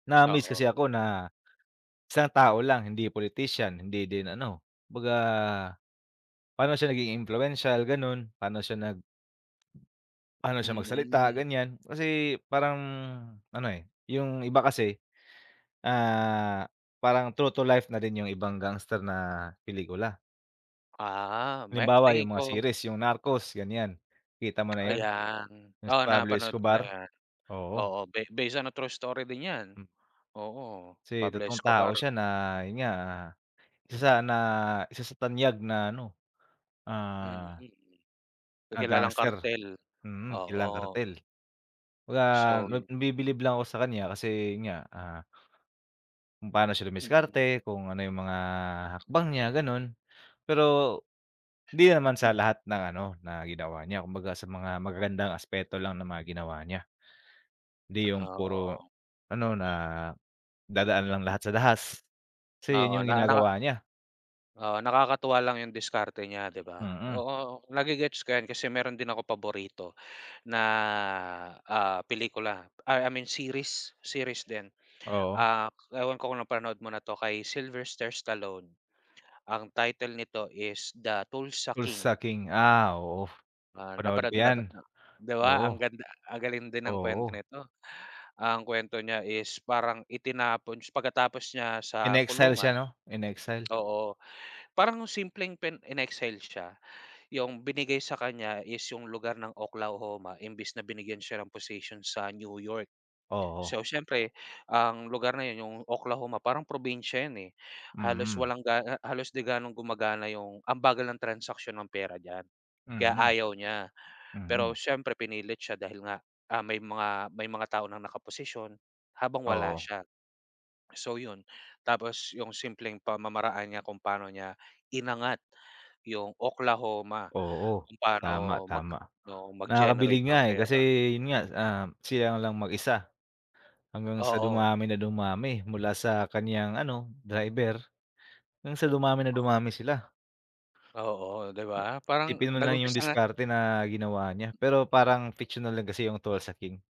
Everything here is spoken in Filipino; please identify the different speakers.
Speaker 1: Na-amaze
Speaker 2: Oo.
Speaker 1: kasi ako na isang tao lang, hindi politician, hindi din ano, kumbaga pa'no siya naging impluwensyal, ganun. Pa'no siya nag pa'no siya magsalita,
Speaker 2: Mm.
Speaker 1: ganyan. Kasi parang ano, eh, yung iba kasi, ah, parang true to life na rin yung ibang gangster na pelikula.
Speaker 2: Ah, may
Speaker 1: Halimbawa,
Speaker 2: tingin
Speaker 1: yung mga
Speaker 2: ko
Speaker 1: series. Yung Narcos, ganyan. Kita mo na yun?
Speaker 2: Ayan.
Speaker 1: Yung si
Speaker 2: Oo,
Speaker 1: Pablo
Speaker 2: napanood ko na
Speaker 1: Escobar?
Speaker 2: 'yan.
Speaker 1: Oo.
Speaker 2: Oo, be base on true story din 'yan.
Speaker 1: Mm.
Speaker 2: Oo,
Speaker 1: Kasi
Speaker 2: Pablo
Speaker 1: totoong tao
Speaker 2: Escobar.
Speaker 1: siya na yun nga, isa sa na isa sa tanyag na ano,
Speaker 2: Mm.
Speaker 1: ah na
Speaker 2: Kilalang
Speaker 1: gangster.
Speaker 2: kartel.
Speaker 1: Mm, kilalang
Speaker 2: Oo.
Speaker 1: kartel. 'Baga,
Speaker 2: So
Speaker 1: nab nabibilib lang ako sa kanya kasi yun nga, ah, kung paano siya
Speaker 2: Mm.
Speaker 1: dumiskarte, kung ano yung mga hakbang niya, ganun. Pero di naman sa lahat ng ano, na ginawa niya. Kumbaga, sa mga magagandang aspeto lang ng mga ginawa niya. Di yung
Speaker 2: Ah,
Speaker 1: puro
Speaker 2: oo.
Speaker 1: ano, na dadaan lang lahat sa dahas. Kasi yun
Speaker 2: Oo,
Speaker 1: yung
Speaker 2: naka naka
Speaker 1: ginagawa niya.
Speaker 2: Oo, nakakatuwa lang yung diskarte niya, 'di ba?
Speaker 1: Mm.
Speaker 2: Oo, nage-gets ko 'yan kasi meron din akong paborito na, ah, pelikula ay I mean, series. Series din.
Speaker 1: Oo.
Speaker 2: Ah, ewan ko kung napanood mo na 'to kay Sylvester Stallone. Ang title nito is The Tulsa
Speaker 1: Tulsa
Speaker 2: King.
Speaker 1: King, ah, oo,
Speaker 2: Ah,
Speaker 1: 'panood ko
Speaker 2: napanood mo na
Speaker 1: 'yan,
Speaker 2: ba ah 'di ba ang
Speaker 1: oo.
Speaker 2: ganda ang galing din ng kwento
Speaker 1: Oo.
Speaker 2: nito. Ang kuwento niya is parang itinapon s pagkatapos niya sa
Speaker 1: In-exile siya
Speaker 2: kulungan
Speaker 1: 'no? In-exile.
Speaker 2: oo. Parang simpleng pen in-exile siya. Yung binigay sa kanya is yung lugar ng Oklahoma imbes na binigyan siya ng position sa New York.
Speaker 1: Oo.
Speaker 2: So, siyempre ang lugar na yun, yung Oklahoma parang probinsya yun, eh. Halos
Speaker 1: Mm.
Speaker 2: walang ga halos di gano'ng gumagana yung ang bagal ng transaksiyon ng pera diyan kaya
Speaker 1: Mm.
Speaker 2: ayaw niya. Pero
Speaker 1: Mm.
Speaker 2: siyempre, pinilit siya dahil nga, ah, may mga may mga tao ng nakaposisyon habang wala
Speaker 1: Oo.
Speaker 2: siya. So, yun. Tapos yung simpleng pamamaraan niya kung paano niya inangat yung Oklahoma,
Speaker 1: Oo,
Speaker 2: kung
Speaker 1: tama,
Speaker 2: pa'no mag
Speaker 1: tama.
Speaker 2: oo,
Speaker 1: Nakakabilib
Speaker 2: mag-generate
Speaker 1: nga,
Speaker 2: ng
Speaker 1: eh, kasi
Speaker 2: pera.
Speaker 1: yun nga, ah, sila lang mag-isa hanggang sa
Speaker 2: Oo.
Speaker 1: dumami na dumami. Mula sa kanyang ano, driver hanggang sa dumami na
Speaker 2: Oo.
Speaker 1: dumami sila.
Speaker 2: Oo, di ba? Parang
Speaker 1: Isipin mo na lang yung
Speaker 2: nag-umpisa nga
Speaker 1: diskarte na ginawa niya. Pero parang fictional lang kasi yung Tulsa King.